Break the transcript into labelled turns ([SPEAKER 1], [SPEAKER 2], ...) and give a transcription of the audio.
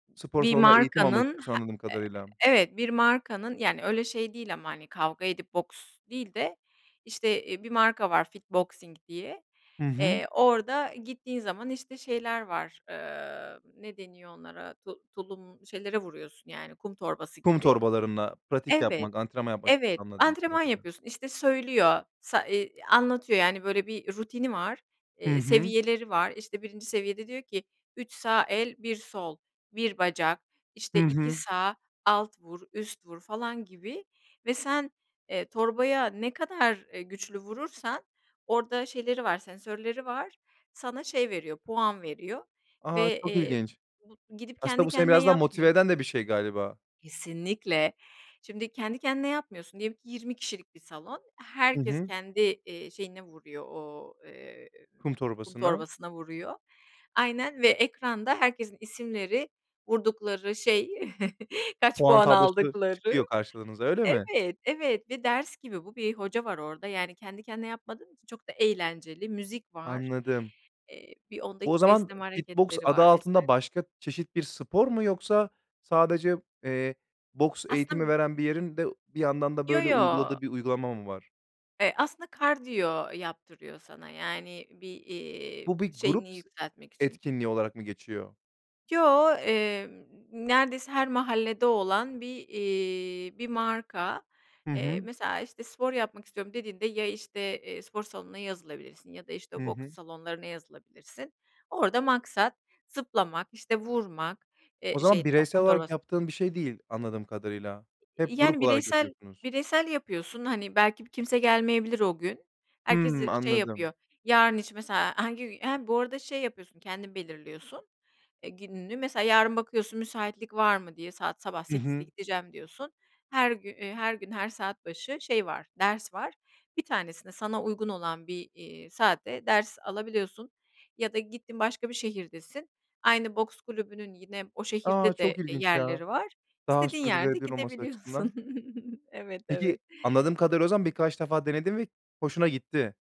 [SPEAKER 1] Spor
[SPEAKER 2] Bir
[SPEAKER 1] salonunda eğitim almak
[SPEAKER 2] markanın
[SPEAKER 1] istiyorsun
[SPEAKER 2] he
[SPEAKER 1] anladığım
[SPEAKER 2] eee
[SPEAKER 1] kadarıyla.
[SPEAKER 2] Evet bir markanın yani öyle şey değil ama hani kavga edip boks değil de işte, eee, bir marka var FitBoxing diye,
[SPEAKER 1] Hı hı.
[SPEAKER 2] eee, orada gittiğin zaman işte şeyler var, ııı, ne deniyor onlara, tu tulum, şeylere vuruyorsun yani kum torbası
[SPEAKER 1] Kum
[SPEAKER 2] gibi
[SPEAKER 1] torbalarınla pratik
[SPEAKER 2] Evet,
[SPEAKER 1] yapmak, antrenman yapmak istiyorsun
[SPEAKER 2] evet,
[SPEAKER 1] anladığım
[SPEAKER 2] antrenman
[SPEAKER 1] kadarıyla.
[SPEAKER 2] yapıyorsun. İşte söylüyor, sa ııı, anlatıyor yani böyle bir rutini var,
[SPEAKER 1] Hı
[SPEAKER 2] eee,
[SPEAKER 1] hı.
[SPEAKER 2] seviyeleri var, işte 1. seviyede diyor ki, "3 sağ el, 1 sol, 1 bacak,
[SPEAKER 1] Hı
[SPEAKER 2] işte 2
[SPEAKER 1] hı.
[SPEAKER 2] sağ alt vur, üst vur," falan gibi ve sen, eee, torbaya ne kadar, eee, güçlü vurursan orada şeyleri var, sensörleri var, sana şey veriyor, puan veriyor
[SPEAKER 1] A!
[SPEAKER 2] ve,
[SPEAKER 1] Çok
[SPEAKER 2] eee,
[SPEAKER 1] ilginç.
[SPEAKER 2] bu gidip
[SPEAKER 1] Aslında
[SPEAKER 2] kendi
[SPEAKER 1] bu seni
[SPEAKER 2] kendine
[SPEAKER 1] biraz da motive eden de
[SPEAKER 2] yapmıyorsun.
[SPEAKER 1] bir şey galiba.
[SPEAKER 2] Kesinlikle. Şimdi kendi kendine yapmıyorsun diyelim ki 20 kişilik bir salon.
[SPEAKER 1] Hı
[SPEAKER 2] Herkes
[SPEAKER 1] hı.
[SPEAKER 2] kendi, eee, şeyine vuruyor, o eee,
[SPEAKER 1] Kum
[SPEAKER 2] kum
[SPEAKER 1] torbasına.
[SPEAKER 2] torbasına vuruyor. Aynen ve ekranda herkesin isimleri, vurdukları şey, kaç
[SPEAKER 1] Puan
[SPEAKER 2] puan
[SPEAKER 1] tablosu çıkıyor
[SPEAKER 2] aldıkları
[SPEAKER 1] karşınıza, öyle mi?
[SPEAKER 2] Evet, evet ve ders gibi bu bir hoca var orada. Yani kendi kendine yapmadığın için çok da eğlenceli. Müzik var.
[SPEAKER 1] Anladım.
[SPEAKER 2] Eee, bir 10
[SPEAKER 1] Bu o
[SPEAKER 2] dakika
[SPEAKER 1] zaman
[SPEAKER 2] esneme
[SPEAKER 1] Fitbox
[SPEAKER 2] hareketleri
[SPEAKER 1] adı
[SPEAKER 2] var vs.
[SPEAKER 1] altında başka çeşit bir spor mu yoksa sadece, eee, boks eğitimi
[SPEAKER 2] [unintelligible]
[SPEAKER 1] veren bir yerin de bir yandan da
[SPEAKER 2] Yo,
[SPEAKER 1] böyle
[SPEAKER 2] yo.
[SPEAKER 1] uyguladığı bir uygulama mı var?
[SPEAKER 2] Eee, aslında kardiyo yaptırıyor sana yani bir, iii,
[SPEAKER 1] Bu, bir
[SPEAKER 2] şeyini
[SPEAKER 1] grup s
[SPEAKER 2] yükseltmek için.
[SPEAKER 1] etkinliği olarak mı geçiyor?
[SPEAKER 2] Yo, emm, neredeyse her mahallede olan bir, iii, bir marka.
[SPEAKER 1] Hı
[SPEAKER 2] Eee,
[SPEAKER 1] hı.
[SPEAKER 2] mesela işte, "Spor yapmak istiyorum," dediğinde ya işte, eee, spor salonuna yazılabilirsin ya da işte
[SPEAKER 1] Hı
[SPEAKER 2] boks
[SPEAKER 1] hı.
[SPEAKER 2] salonlarına yazılabilirsin. Orada maksat zıplamak, işte vurmak,
[SPEAKER 1] O
[SPEAKER 2] eee, şey,
[SPEAKER 1] zaman bireysel
[SPEAKER 2] kum
[SPEAKER 1] olarak
[SPEAKER 2] torbasına.
[SPEAKER 1] yaptığın bir şey değil anladığım kadarıyla. Hep
[SPEAKER 2] Yani
[SPEAKER 1] grup olarak
[SPEAKER 2] bireysel
[SPEAKER 1] yapıyorsunuz.
[SPEAKER 2] bireysel yapıyorsun. Hani belki bir kimse gelmeyebilir o gün. Herkes z
[SPEAKER 1] Hımm,
[SPEAKER 2] şey
[SPEAKER 1] anladım.
[SPEAKER 2] yapıyor, yarın için mesela hangi gün he, bu arada şey yapıyorsun, kendin belirliyorsun, eee, gününü, mesela yarın bakıyorsun, müsaitlik var mı diye, "Saat sabah
[SPEAKER 1] Hı
[SPEAKER 2] 08.00'de
[SPEAKER 1] hı.
[SPEAKER 2] gideceğim," diyorsun. Her gün her gün, her saat başı şey var, ders var. Bir tanesini sana uygun olan bir, iii, saatte ders alabiliyorsun ya da gittin başka bir şehirdesin. Aynı boks kulübünün yine o
[SPEAKER 1] A!
[SPEAKER 2] şehirde de,
[SPEAKER 1] Çok
[SPEAKER 2] e,
[SPEAKER 1] ilginç ya.
[SPEAKER 2] yerleri var.
[SPEAKER 1] Daha
[SPEAKER 2] İstediğin yerde
[SPEAKER 1] sürdürülebilir olması
[SPEAKER 2] gidebiliyorsun
[SPEAKER 1] açısından.
[SPEAKER 2] Evet,
[SPEAKER 1] Peki,
[SPEAKER 2] evet.
[SPEAKER 1] anladığım kadarıyla o zaman birkaç defa denedin ve hoşuna gitti.